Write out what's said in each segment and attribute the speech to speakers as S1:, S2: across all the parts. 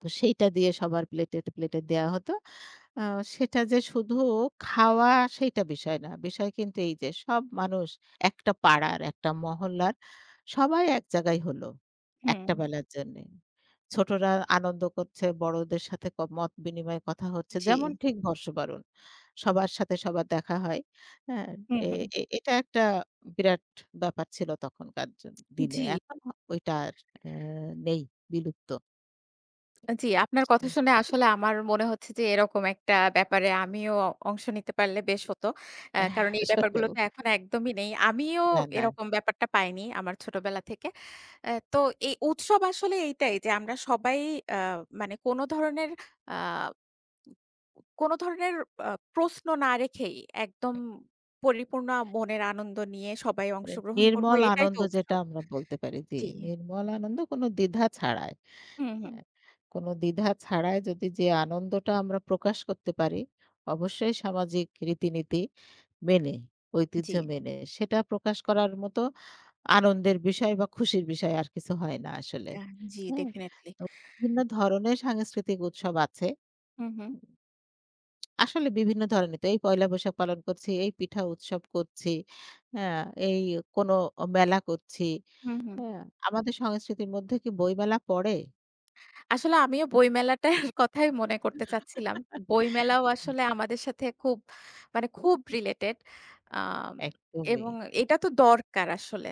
S1: তো সেইটা দিয়ে সবার প্লেটে, প্লেটে দেয়া হত। আ সেটা যে শুধু খাওয়া সেইটা বিষয় না। বিষয় কিন্তু এইযে সব মানুষ একটা পাড়ার একটা মহল্লার সবাই এক জায়গায় হল।
S2: হুম।
S1: একটা বেলার জন্যে। ছোটরা আনন্দ করছে বড়দের সাথে ক মত বিনিময়ে কথা হচ্ছে যেমন
S2: জি।
S1: ঠিক বর্ষবরণ। সবার সাথে সবার দেখা হয় হ্যাঁ?
S2: হুম,
S1: এ
S2: হুম।
S1: এটা একটা বিরাট ব্যাপার ছিল তখনকার জ দিনে।
S2: জি।
S1: এখন ঐটা আর আ নেই বিলুপ্ত।
S2: আ জি, আপনার কথা
S1: [unintelligible]
S2: শুনে আসলে আমার মনে হচ্ছে যে এরকম একটা ব্যাপারে আমিও অংশ নিতে পারলে বেশ হত। অ্যা
S1: এহ
S2: কারণ এই ব্যাপারগুলো
S1: আসলেও।
S2: তো এখন একদমই নেই। আমিও
S1: না, না।
S2: এরকম ব্যাপারটা পাইনি আমার ছোটবেলা থেকে। অ্যা তো এই উৎসব আসলে এইটাই যে আমরা সবাই অ্যা মানে কোনো ধরনের আ কোনো ধরনের আ প্রশ্ন না রেখেই একদম পরিপূর্ণ মনের আনন্দ নিয়ে সবাই
S1: এ
S2: অংশগ্রহণ করবো।
S1: নির্মল
S2: এটাই তো
S1: আনন্দ যেটা
S2: উৎসব।
S1: আমরা বলতে পারি, জি।
S2: জি।
S1: নির্মল আনন্দ কোনো দ্বিধা ছাড়াই
S2: হু, হু।
S1: হ্যাঁ? কোনো দ্বিধা ছাড়াই যদি যে আনন্দটা আমরা প্রকাশ করতে পারি অবশ্যই সামাজিক রীতিনীতি মেনে ঐতিহ্য
S2: জি।
S1: মেনে সেটা প্রকাশ করার মতো আনন্দের বিষয় বা খুশির বিষয় আর কিছু হয় না আসলে,
S2: আ জি,
S1: হু?
S2: ডেফিনিটলি।
S1: বিভিন্ন ধরনের সাংস্কৃতিক উৎসব আছে।
S2: হু, হু।
S1: আসলে বিভিন্ন ধরনের তো এই পয়লা বৈশাখ পালন করছি, এই পিঠা উৎসব করছি হ্যাঁ, এই কোনো মেলা করছি
S2: হুম, হুম।
S1: হ্যাঁ? আমাদের সংস্কৃতির মধ্যে কি বইমেলা পড়ে?
S2: আসলে আমিও বইমেলাটার কথাই মনে করতে চাচ্ছিলাম। বইমেলাও আসলে আমাদের সাথে খুব মানে খুব রিলেটেড। আ
S1: একদমই।
S2: এবং এইটা তো দরকার আসলে।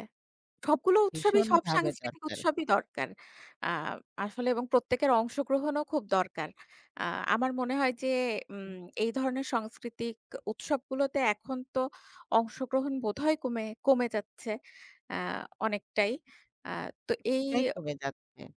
S2: সবগুলো উৎসবই
S1: ভীষণ
S2: সব
S1: ভাবে
S2: সাংস্কৃতিক
S1: দরকার।
S2: উৎসবই দরকার। আ আসলে এবং প্রত্যেকের অংশগ্রহণও খুব দরকার। আ আমার মনে হয় যে উম এই ধরনের সাংস্কৃতিক উৎসবগুলোতে এখন তো অংশগ্রহণ বোধহয় কমে কমে যাচ্ছে। অ্যা অনেকটাই। আ তো এই
S1: প্রায়ই কমে যাচ্ছে।